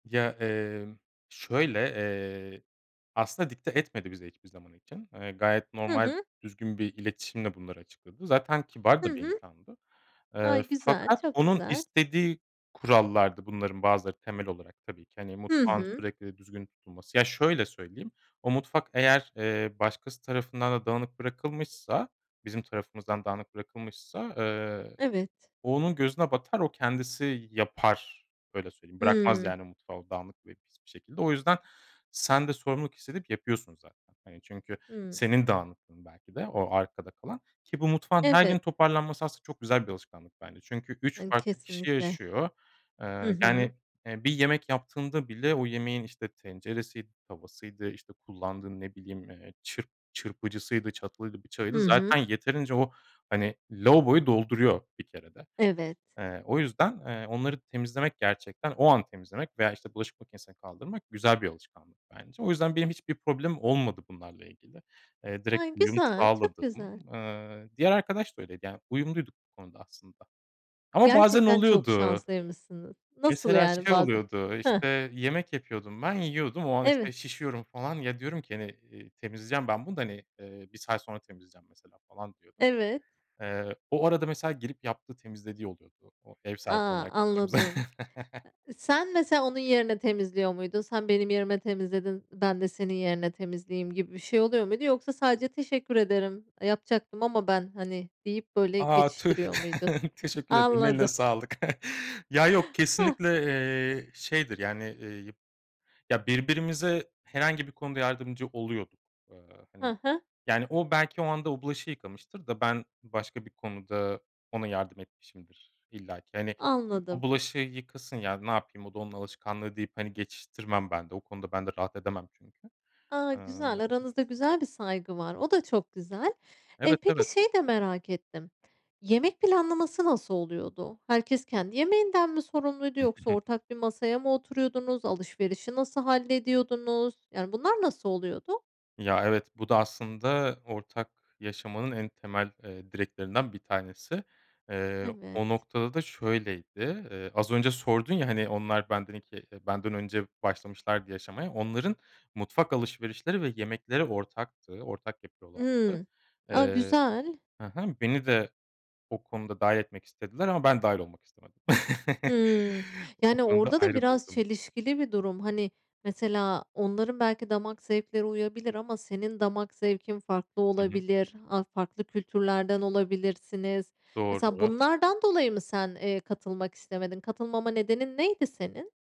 Ya, emm, şöyle, eee, aslında dikte etmedi bize hiçbir zaman için. Eee, gayet Hı normal hı. düzgün bir iletişimle bunları açıkladı. Zaten kibar Hı da bir hı. insandı. Eee, Ay, güzel fakat çok onun güzel. istediği kurallardı bunların bazıları temel olarak tabii ki hani Hı mutfağın hı. sürekli düzgün tutulması. Ya, şöyle söyleyeyim. O mutfak eğer, eee, başkası tarafından da dağınık bırakılmışsa, bizim tarafımızdan dağınık bırakılmışsa, eee, Evet. o onun gözüne batar, o kendisi y yapar. Öyle söyleyeyim. Bırakmaz, Hıı. yani, mutfağı dağınık ve pis bir şekilde. O yüzden sen de sorumluluk hissedip yapıyorsun zaten. Hani, çünkü Hıı. senin dağınıklığın belki de o arkada kalan ki bu mutfağın her gün Evet. toparlanması aslında çok güzel bir alışkanlık bence. Çünkü 3 Ay, farklı kişi kesinlikle. yaşıyor. Hı Eee, hı. yani, eee, bir yemek yaptığında bile o yemeğin, işte, tenceresiydi, tavasıydı, işte, kullandığı ne bileyim, eee, çırp çırpıcısıydı, çatalıydı, bıçağıydı Hı hı. zaten yeterince o, hani, lavaboyu dolduruyor bir kerede. Evet. Eee, o yüzden, eee, onları temizlemek, gerçekten o an temizlemek veya işte bulaşık makinesine kaldırmak güzel bir alışkanlık bence. O yüzden benim hiçbir problemim olmadı bunlarla ilgili. Eee, direkt Ay uyum güzel, çok sağladım. güzel. Eee, diğer arkadaş da öyleydi. Yani, uyumluyduk bu konuda aslında ama bazen Gerçekten çok oluyordu. şanslıymışsınız. Nasıl Mesela yani? şey Bazen, oluyordu; hıh. işte, yemek yapıyordum, ben yiyordum. O an, Eve işte, şişiyorum falan. Ya, diyorum ki "Hani, eee, temizleyeceğim ben bunu da hani, eee, 1 saat sonra temizleyeceğim mesela falan," diyordum. Evet. Eee, o arada mesela gelip yaptığı, temizlediği oluyordu o ev A! sahibi olan arkadaşımız. Anladım. Eee, sen mesela onun yerine temizliyor muydun? "Sen benim yerime temizledin, ben de senin yerine temizleyeyim," gibi bir şey oluyor muydu yoksa sadece "Teşekkür ederim, eee, yapacaktım ama ben," hani, deyip, böyle, A! Tüh, geçiştiriyor muydun? teşekkür ederim, eline Anladım. sağlık. Ya, yok Heh. kesinlikle, eee, şeydir, yani, eee, yıp ya, birbirimize herhangi bir konuda yardımcı oluyorduk. Eee, He hani, he. yani o belki o anda o bulaşığı yıkamıştır da ben başka bir konuda ona yardım etmişimdir illaki. "Hani, o Anladım. bulaşığı yıkasın ya, ne yapayım o da onun alışkanlığı," deyip, hani, geçiştirmem ben de o konuda ben de rahat edemem çünkü, A! eee Güzel. Aranızda güzel bir saygı var. O da çok güzel. Eee, Evet, evet. peki, şeyi de merak ettim. Yemek planlaması nasıl oluyordu? Herkes kendi yemeğinden mi sorumluydu yoksa [unintelligible] ortak bir masaya mı oturuyordunuz? Alışverişi nasıl hallediyordunuz? Yani, bunlar nasıl oluyordu? Ya, evet, bu da aslında ortak yaşamanın en temel, eee, direklerinden bir tanesi. Eee, Evet. o noktada da şöyleydi. Eee, az önce sordun ya, hani, onlar benden 2 benden önce başlamışlardı yaşamaya. Onların mutfak alışverişleri ve yemekleri ortaktı. Ortak yapıyorlardı. Imm, a, Eee güzel. He he, beni de o konuda dâhil etmek istediler ama ben dâhil olmak istemedim. Hımm, O yani, konuda orada da ayrı biraz durdum. çelişkili bir durum. Hani, mesela onların belki damak zevkleri uyabilir ama senin damak zevkin farklı Hı hı. olabilir, a farklı kültürlerden olabilirsiniz; mesela Doğru. bunlardan dolayı mı sen, eee, katılmak istemedin? Katılmama nedenin neydi senin?